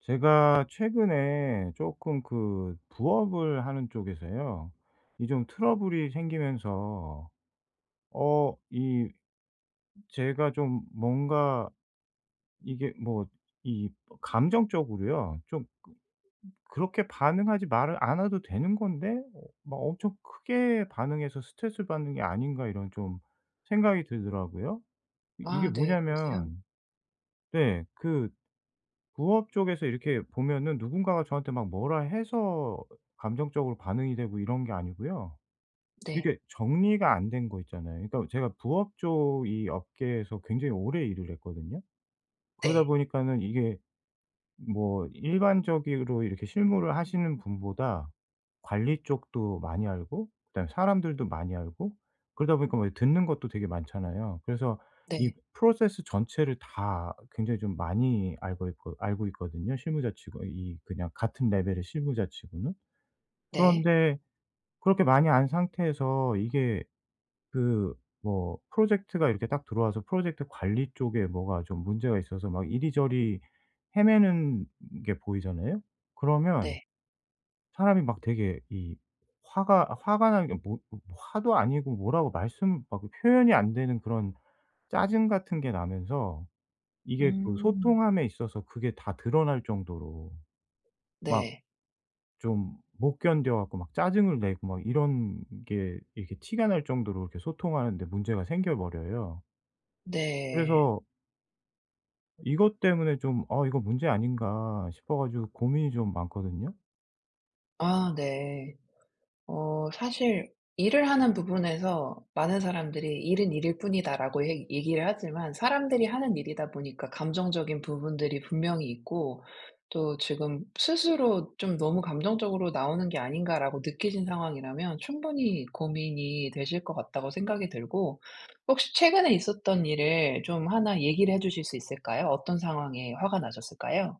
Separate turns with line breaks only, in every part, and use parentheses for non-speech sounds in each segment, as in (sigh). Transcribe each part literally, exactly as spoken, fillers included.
제가 최근에 쪼끔 그 부업을 하는 쪽에서요. 이 좀 트러블이 생기면서 어 이 제가 좀 뭔가 이게 뭐 이 뭐 감정적으로요. 쪼끔 그렇게 반응하지 말 않아도 되는 건데 '어 막 엄청 크게 반응해서 스트레스를 받는 게 아닌가.' 이런 좀 생각이 들더라고요. 이 이게
아 네. 그러세요?
뭐냐면 네 그 부업 쪽에서 이렇게 보면은 누군가가 저한테 막 뭐라 해서 감정적으로 반응이 되고 이런 게 아니고요.
네.
이렇게 정리가 안 된 거 있잖아요. 이 또 제가 부업 쪽 이 업계에서 굉장히 오래 일을 했거든요. 그러다
네.
보니까는 이게 뭐 일반적이로 이렇게 실무를 하시는 분보다 관리 쪽도 많이 알고 그다음에 사람들도 많이 알고 그러다 보니까 뭐 이 듣는 것도 되게 많잖아요. 그래서 이
네.
프로세스 전체를 다 굉장히 좀 많이 알고 있고 알고 있거든요 실무자 치고 이 그냥 같은 레벨의 실무자 치고는.
네.
그런데 그렇게 많이 아는 상태에서 이게 그 뭐 프로젝트가 이렇게 딱 들어와서 프로젝트 관리 쪽에 뭐가 좀 문제가 있어서 막 이리저리 헤매는 게 보이잖아요? 그러면
네.
사람이 막 되게 이 화가 화가 난 게 뭐 어 뭐 화도 아니고 뭐라고 말씀 막 표현이 안 되는 그런 짜증 같은 게 나면서 이게 또
음.
소통함에 있어서 그게 다 드러날 정도로 막
네.
좀 못 견뎌 갖고 막 짜증을 내고 막 이런 게 이렇게 티가 날 정도로 이렇게 소통하는 데 문제가 생겨 버려요.
네.
그래서 이것 때문에 좀 '어 이거 문제 아닌가?' 싶어 가지고 고민이 좀 많거든요.
아 네. 어 사실 일을 하는 부분에서 많은 사람들이 "일은 일일 뿐이다."라고 얘 얘기를 하지만 사람들이 하는 일이다 보니까 감정적인 부분들이 분명히 있고 또 지금 스스로 '좀 너무 감정적으로 나오는 게 아닌가?'라고 느끼신 상황이라면 '충분히 고민이 되실 것 같다.'고 생각이 들고 혹시 최근에 있었던 일을 좀 하나 얘기를 해 주실 수 있을까요? 어떤 상황에 화가 나셨을까요?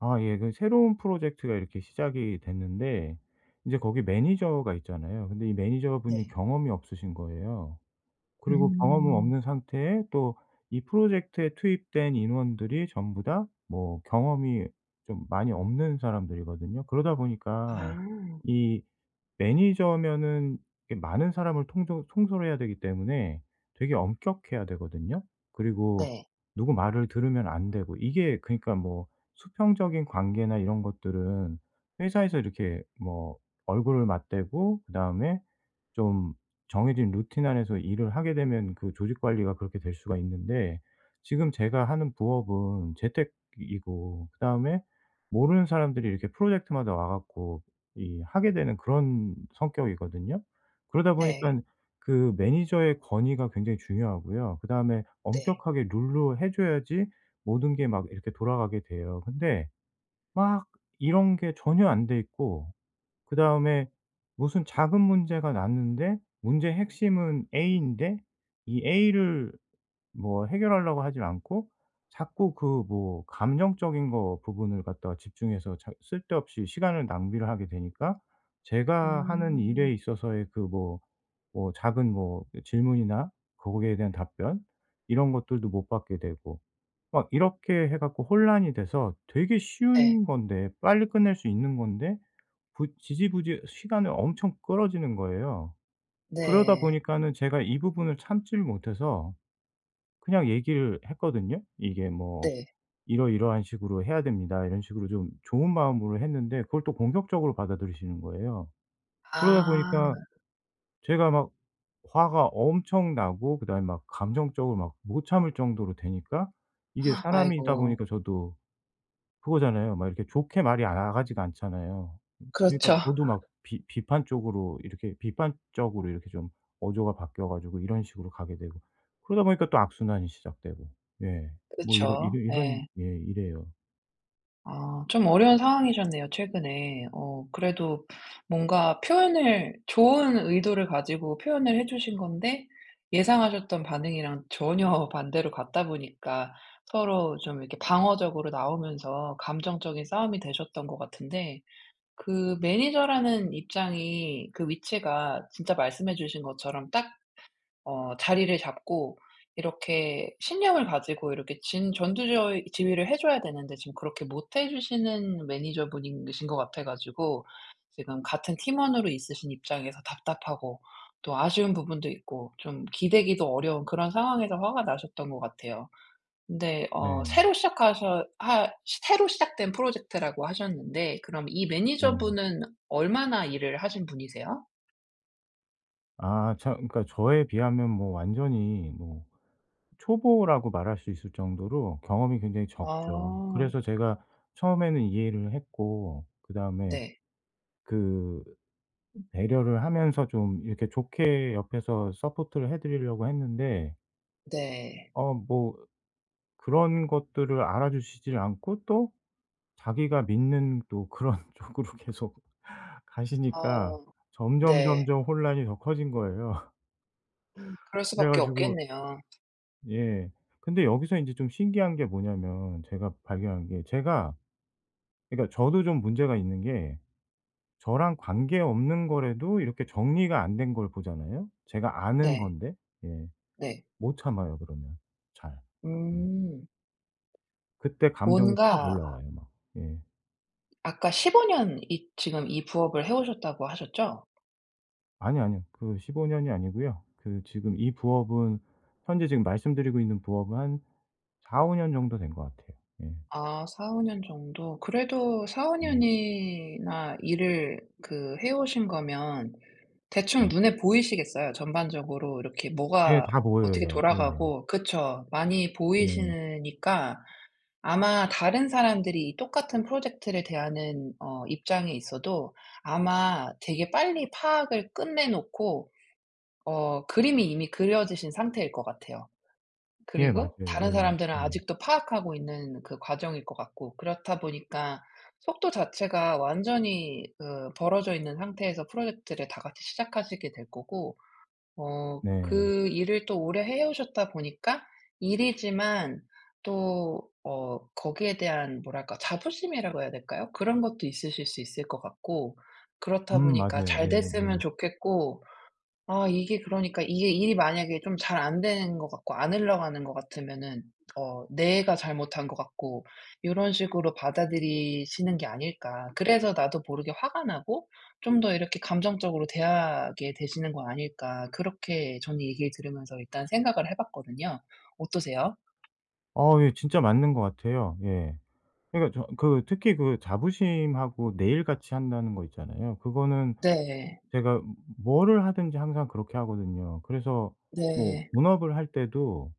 아 예 그 새로운 프로젝트가 이렇게 시작이 됐는데 이제 거기 매니저가 있잖아요. 근데 이 매니저분이
네.
경험이 없으신 거예요. 그리고 경험은
음.
없는 상태에 또 이 프로젝트에 투입된 인원들이 전부 다 뭐 경험이 좀 많이 없는 사람들이거든요. 그러다 보니까
아.
이 매니저면은 이 많은 사람을 통조 통솔해야 되기 때문에 되게 엄격해야 되거든요. 그리고
네.
누구 말을 들으면 안 되고 이게 그니까 뭐 수평적인 관계나 이런 것들은 회사에서 이렇게 뭐 얼굴을 맞대고 그다음에 좀 정해진 루틴 안에서 일을 하게 되면 그 조직 관리가 그렇게 될 수가 있는데 지금 제가 하는 부업은 재택이고 그다음에 모르는 사람들이 이렇게 프로젝트마다 와 갖고 이 하게 되는 그런 성격이거든요. 그러다
네.
보니깐 그 매니저의 권위가 굉장히 중요하고요. 그다음에
네.
엄격하게 룰로 해 줘야지 모든 게 막 이렇게 돌아가게 돼요. 근데 막 이런 게 전혀 안 돼 있고 그다음에 무슨 작은 문제가 났는데 문제의 핵심은 A인데 이 A를 뭐 해결하려고 하지를 않고 자꾸 그 뭐 감정적인 거 부분을 갖다가 집중해서 작 쓸데없이 시간을 낭비를 하게 되니까 제가 하는 일에
음.
있어서의 그 뭐, 뭐 작은 뭐 질문이나 거기에 대한 답변, 이런 것들도 못 받게 되고 막 이렇게 해 갖고 혼란이 돼서 되게
네.
쉬운 건데 빨리 끝낼 수 있는 건데 부 지지부지 시간을 엄청 끌어지는 거예요. 그러다
네.
보니까는 제가 이 부분을 참지를 못해서 그냥 얘기를 했거든요. 이게 뭐
네.
"이러이러한 식으로 해야 됩니다." 이런 식으로 좀 좋은 마음으로 했는데 그걸 또 공격적으로 받아들이시는 거예요. 그러다
아.
보니까 제가 막 화가 엄청 나고 그다음에 막 감정적으로 막 못 참을 정도로 되니까 이게
(gasps)
사람이다
아이고.
보니까 저도 그거잖아요 막 이렇게 좋게 말이 아 나가지가 않잖아요. 그러니까
그렇죠.
저도 막 비 비판적으로 이렇게 비판적으로 이렇게 좀 어조가 바뀌어 가지고 이런 식으로 가게 되고 그러다 보니까 또 악순환이 시작되고 예 뭐 이러
그쵸.
이런
예.
예 이래요.
아 좀 어려운 상황이셨네요 최근에. 어 그래도 뭔가 표현을 좋은 의도를 가지고 표현을 해 주신 건데 예상하셨던 반응이랑 전혀 반대로 갔다 보니까 서로 좀 이렇게 방어적으로 나오면서 감정적인 싸움이 되셨던 것 같은데 그 매니저라는 입장이 그 위치가 진짜 말씀해 주신 것처럼 딱 어 자리를 잡고 이렇게 신념을 가지고 이렇게 진 전두 저위 지휘를 해 줘야 되는데 지금 그렇게 못해 주시는 매니저분이신 것 같아 가지고 지금 같은 팀원으로 있으신 입장에서 답답하고 또 아쉬운 부분도 있고 좀 기대기도 어려운 그런 상황에서 화가 나셨던 것 같아요. 근데 어 새로
네.
시작하셔 하 시 새로 시작된 프로젝트라고 하셨는데 그럼 이
네.
매니저분은 얼마나 일을 하신 분이세요?
아 저 그러니까 저에 비하면 뭐 완전히 뭐 초보라고 말할 수 있을 정도로 경험이 굉장히 적죠.
아.
그래서 제가 처음에는 이해를 했고 그다음에
네.
그 배려를 하면서 좀 이렇게 좋게 옆에서 서포트를 해 드리려고 했는데
네.
어 뭐 그런 것들을 알아 주시질 않고 또 자기가 믿는 또 그런 쪽으로 계속 (laughs) 가시니까
어. 네.
점점점점 혼란이 더 커진 거예요. (laughs)
음. 그럴
그래
수밖에
가지고
없겠네요.
예. 근데 여기서 인제 좀 신기한 게 뭐냐면 제가 발견한 게 제가 그러니까 저도 좀 문제가 있는 게 저랑 관계없는 거라도 이렇게 정리가 안 된 걸 보잖아요, 제가 아는
네.
건데. 예.
네.
못 참아요 그러면 잘. 음.
음.
그때 감정이 확
뭔가
올라와요 막. 예.
아까 십오 년 이 지금 이 부업을 해 오셨다고 하셨죠?
아니 아니요. 그 십오 년이 아니고요. 그 지금 이 부업은 현재 지금 말씀드리고 있는 부업은 한 사오 년 정도 된 것 같아요. 예.
아 사오 년 정도. 그래도 사오
음.
년이나 일을 그 해 오신 거면 대충
네.
눈에 보이시겠어요. 전반적으로 이렇게
예.
뭐가
다
어떻게
보여요. 예.
돌아가고 그쵸 많이
네.
보이시니까 아마 다른 사람들이 똑같은 프로젝트를 대하는 어 입장에 있어도 아마 되게 빨리 파악을 끝내 놓고 어 그림이 이미 그려지신 상태일 것 같아요.
예. 맞아요.
그리고 다른
예.
사람들은
음.
아직도 파악하고 있는 그 과정일 것 같고. 그렇다 보니까 속도 자체가 완전히 그 벌어져 있는 상태에서 프로젝트를 다 같이 시작하시게 될 거고 어
네.
그 일을 또 오래 해 오셨다 보니까 일이지만 또 어 거기에 대한 뭐랄까 자부심이라고 해야 될까요? 그런 것도 있으실 수 있을 것 같고.
음
그렇다 보니까
맞아요.
잘 됐으면
예예예.
좋겠고. 아 이게 그러니까 '이게 일이 만약에 좀 잘 안 되는 것 같고 안 흘러가는 것 같으면은 어 내가 잘못한 것 같고 요런 식으로 받아들이시는 게 아닐까. 그래서 나도 모르게 화가 나고 좀 더 이렇게 감정적으로 대하게 되시는 거 아닐까.' 그렇게 저는 얘기를 들으면서 일단 생각을 해 봤거든요. 어떠세요?
어 예. 진짜 맞는 것 같아요. 예. 그러니까 저 그 특히 그 자부심하고 내 일 같이 한다는 거 있잖아요. 그거는
네.
제가 뭐를 하든지 항상 그렇게 하거든요. 그래서 뭐
네.
본업을 할 때도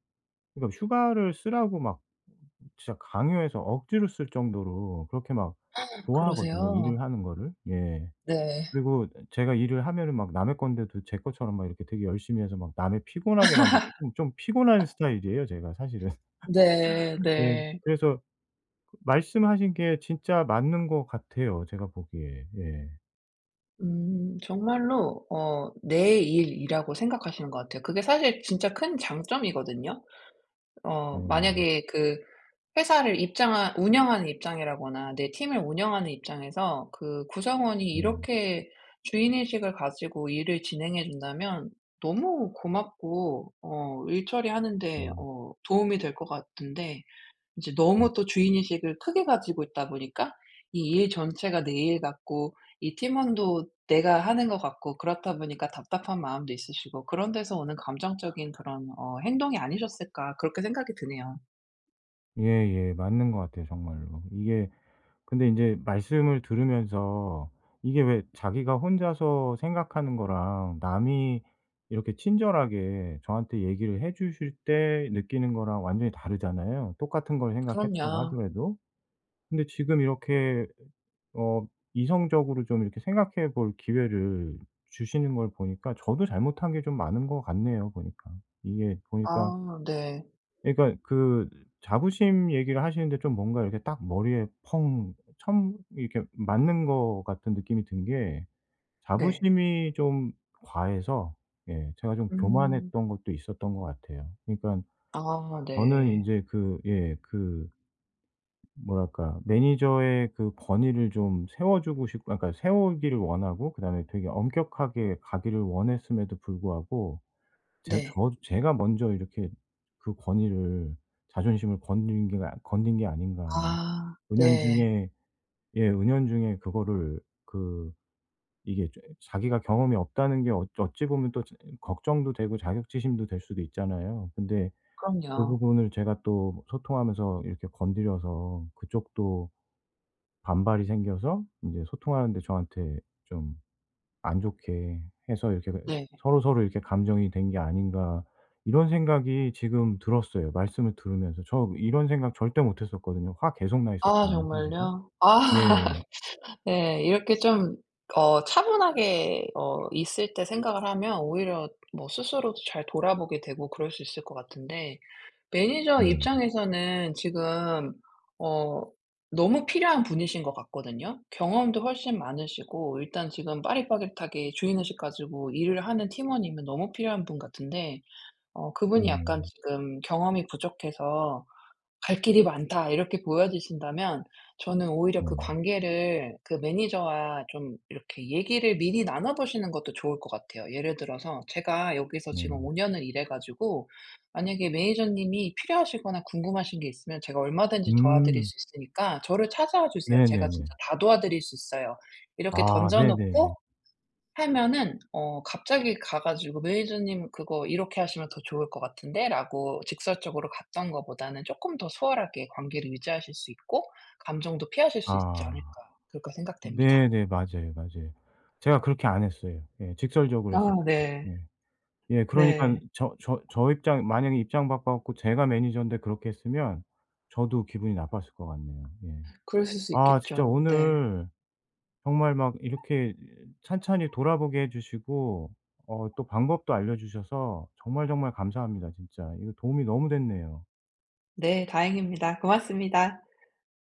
그러니까 휴가를 쓰라고 막 진짜 강요해서 억지로 쓸 정도로 그렇게 막
(gasps)
좋아하거든요 일을
그러세요?
하는 거를. 예.
네.
그리고 제가 일을 하면은 막 남의 건데도 제 것처럼 막 이렇게 되게 열심히 해서 막 남을 피곤하게 만들고 좀 피곤한 스타일이에요 제가 사실은.
네.
(laughs) 예.
네.
그래서 그 말씀하신 게 진짜 맞는 것 같아요 제가 보기에. 예.
음. 정말로 어 내 일이라고 생각하시는 것 같아요. 그게 사실 진짜 큰 장점이거든요. 어
음.
만약에 그 회사를 입장하 운영하는 입장이라거나 내 팀을 운영하는 입장에서 그 구성원이
음.
이렇게 주인의식을 가지고 일을 진행해 준다면 너무 고맙고 어 일 처리하는데
음.
어 도움이 될 것 같은데 이제
음.
너무 또 주인 의식을 크게 가지고 있다 보니까 이 일 전체가 내 일 같고 이 팀원도 내가 하는 것 같고 그렇다 보니까 답답한 마음도 있으시고 '그런 데서 오는 감정적인 그런 어 행동이 아니셨을까.' 그렇게 생각이 드네요.
예예. 맞는 것 같아요 정말로. 이게 근데 인제 말씀을 들으면서 이게 왜 자기가 혼자서 생각하는 거랑 남이 이렇게 친절하게 저한테 얘기를 해 주실 때 느끼는 거랑 완전히 다르잖아요. 똑같은 걸 생각했다고
그럼요.
하더라도. 근데 지금 이렇게 어 이성적으로 좀 이렇게 생각해 볼 기회를 주시는 걸 보니까 저도 잘못한 게 좀 많은 것 같네요 보니까. 이게 보니까
아 네.
그러니까 그 자부심 얘기를 하시는데 좀 뭔가 이렇게 딱 머리에 펑 처음 이렇게 맞는 거 같은 느낌이 든 게
네.
자부심이 좀 과해서 예 제가 좀
음.
교만했던 것도 있었던 것 같아요. 그러니까
아
저는
네.
인제 그 예 그 뭐랄까? 매니저의 그 권위를 좀 세워 주고 싶고 아 그러니까 세우기를 원하고 그 다음에 되게 엄격하게 가기를 원했음에도 불구하고 제
네.
저도 제가 먼저 이렇게 그 권위를 자존심을 건드린 게 아 건드린 게 아닌가 하는
아 네.
은연중에 예 은연중에 그거를 그 이게 조금 자기가 경험이 없다는 게 엊 어찌 보면 또 조 어 걱정도 되고 자격지심도 될 수도 있잖아요. 근데 그
그럼요.
부분을 제가 또 소통하면서 이렇게 건드려서 그쪽도 반발이 생겨서 이제 소통하는 데 저한테 좀 안 좋게 해서 이렇게 왜
네.
'서로서로 이렇게 감정이 된 게 아닌가.' 이런 생각이 지금 들었어요 말씀을 들으면서. 저 이런 생각 절대 못 했었거든요. 화 계속 나
아
있었거든요 사실은.
정말요? 아
예.
(laughs) 네. 이렇게 좀 어 차분하게 어 있을 때 생각을 하면 오히려 뭐 스스로도 잘 돌아보게 되고 그럴 수 있을 것 같은데 매니저
예.
입장에서는 지금 어 너무 필요한 분이신 것 같거든요. 경험도 훨씬 많으시고 일단 지금 빠릿빠릿하게 주인의식 가지고 일을 하는 팀원이면 너무 필요한 분 같은데 어 그분이 약간
예.
지금 경험이 부족해서 '갈 길이 많다.' 이렇게 보여지신다면 저는 오히려 그
네.
관계를 그 매니저와 좀 이렇게 얘기를 미리 나눠 보시는 것도 좋을 것 같아요. 예를 들어서 "제가 여기서 지금
네.
오 년을 일해 가지고 만약에 매니저님이 필요하시거나 궁금하신 게 있으면 제가 얼마든지 도와드릴
음.
수 있으니까 저를 찾아와 주세요. 제가 진짜
네네네.
다 도와드릴 수 있어요." 이렇게
아
던져
네네네.
놓고 하면은 어 갑자기 가 가지고 "매니저님 그거 이렇게 하시면 더 좋을 것 같은데."라고 직설적으로 갔던 것보다는 '쪼끔 더 수월하게 관계를 유지하실 수 있고 감정도 피하실 수 있지
아.
않을까.' 그렇게 생각됩니다.
네네 맞아요, 맞아요. 제가 그렇게 안 했어요. 예. 직설적으로
아
했었어요.
네.
네. 예 그러니까는
네.
저 저 저 입장 만약에 입장 바꿔 갖고 제가 매니저인데 그렇게 했으면 저도 기분이 나빴을 것 같네요. 예.
그랬을 수
아 진짜
있겠죠. 네.
오늘 정말 막 이렇게 이 찬찬히 돌아보게 해 주시고 어 또 방법도 알려 주셔서 정말, 정말 감사합니다 진짜. 이게 도움이 너무 됐네요.
네 다행입니다. 고맙습니다.